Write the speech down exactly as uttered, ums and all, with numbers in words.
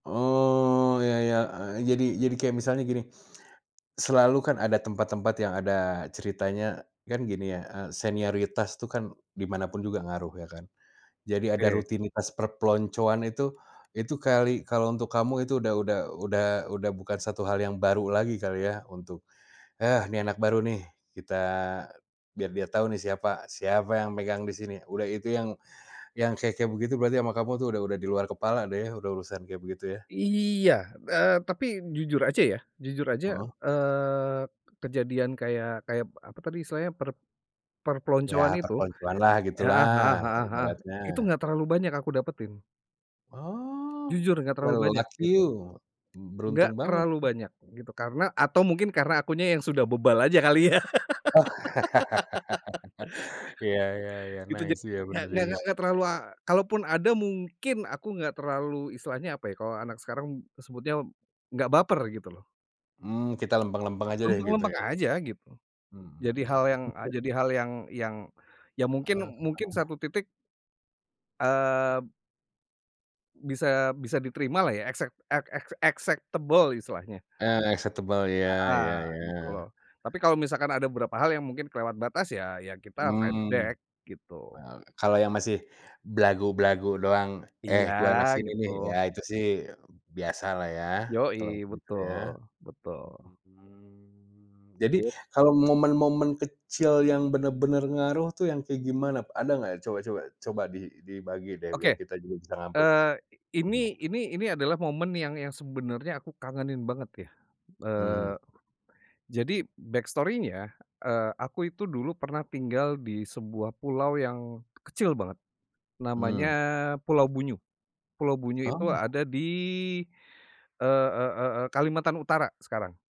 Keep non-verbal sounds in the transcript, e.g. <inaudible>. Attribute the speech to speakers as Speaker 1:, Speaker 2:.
Speaker 1: Oh, ya ya, eee, jadi jadi kayak misalnya gini, selalu kan ada tempat-tempat yang ada ceritanya, kan gini ya, eee, senioritas tuh kan di mana pun juga ngaruh, ya kan. Jadi ada
Speaker 2: Oke.
Speaker 1: rutinitas perpeloncoan itu, itu kali kalau untuk kamu itu udah udah udah udah bukan satu hal yang baru lagi kali ya, untuk, "Heh, nih, anak baru nih, kita biar dia tahu nih, siapa siapa yang megang di sini", udah. Itu yang yang kayak-kayak begitu berarti sama kamu tuh udah udah di luar kepala deh ya, udah urusan kayak begitu, ya.
Speaker 2: Iya, eee, tapi jujur aja ya, jujur aja,
Speaker 1: Mhm.
Speaker 2: eee, kejadian kayak kayak apa tadi istilahnya, per
Speaker 1: Ya,
Speaker 2: perpeloncoan itu,
Speaker 1: perpeloncoan lah,
Speaker 2: heeh heeh
Speaker 1: gitulah
Speaker 2: heeh heeh, itu
Speaker 1: ibaratnya.
Speaker 2: enggak terlalu banyak aku dapetin.
Speaker 1: Oh,
Speaker 2: Jujur enggak terlalu
Speaker 1: wow,
Speaker 2: banyak,
Speaker 1: lucky
Speaker 2: gitu.
Speaker 1: you,
Speaker 2: Enggak
Speaker 1: beruntung banget.
Speaker 2: terlalu banyak gitu, karena atau mungkin karena akunya yang sudah bebal aja, kali, ya.
Speaker 1: <laughs> Ya ya
Speaker 2: <laughs>
Speaker 1: ya,
Speaker 2: Itu ja
Speaker 1: nice, ya,
Speaker 2: nggak
Speaker 1: bener
Speaker 2: nggak
Speaker 1: juga.
Speaker 2: nggak terlalu la kalaupun ada, mungkin aku gak terlalu, isitilahnya apa ya kalau anak sekarang sebutnya, gak baper, gitu, loh.
Speaker 1: Hmm, kita lempeng-lempeng aja deh, gitu
Speaker 2: Lempeng-lempeng
Speaker 1: ya.
Speaker 2: aja, gitu. Jadi
Speaker 1: Mhm.
Speaker 2: hal yang jadi
Speaker 1: <chuckles>
Speaker 2: hal yang yang ya mungkin
Speaker 1: Heeh
Speaker 2: mungkin
Speaker 1: heeh.
Speaker 2: satu titik eee bisa bisa diterima lah ya, excep e ex acceptable, istilahnya.
Speaker 1: Ah, acceptable ya,
Speaker 2: Heeh,
Speaker 1: ya
Speaker 2: gitu,
Speaker 1: ya.
Speaker 2: tapi kalau misalkan ada beberapa hal yang mungkin kelewat batas, ya, ya kita fight
Speaker 1: Mmm.
Speaker 2: back,
Speaker 1: E
Speaker 2: gitu.
Speaker 1: kalau yang masih belagu-belagu doang," Eh,
Speaker 2: Iya,
Speaker 1: gua anak sini
Speaker 2: gitu.
Speaker 1: nih", ya itu sih biasalah ya, kalau
Speaker 2: Yoi,
Speaker 1: gitu, ya.
Speaker 2: betul, betul.
Speaker 1: Mmm. Jadi
Speaker 2: Yap.
Speaker 1: kalau momen-momen kecil yang bener-bener ngaruh tuh, yang kayak gimana? Ada gak coba coba coba di dibagi deh, biar
Speaker 2: Oke,
Speaker 1: kita juga bisa ngambil
Speaker 2: eee, ini
Speaker 1: bener.
Speaker 2: ini ini adalah momen yang yang sebenarnya aku kangenin banget ya,
Speaker 1: Mhm
Speaker 2: eee,
Speaker 1: mhm.
Speaker 2: jadi backstory-nya, eee, aku itu dulu pernah tinggal di sebuah pulau yang kecil banget. Namanya
Speaker 1: Mmm.
Speaker 2: Pulau Bunyu, Pulau Bunyu itu
Speaker 1: Oh.
Speaker 2: ada di, e e e Kalimantan Utara sekarang.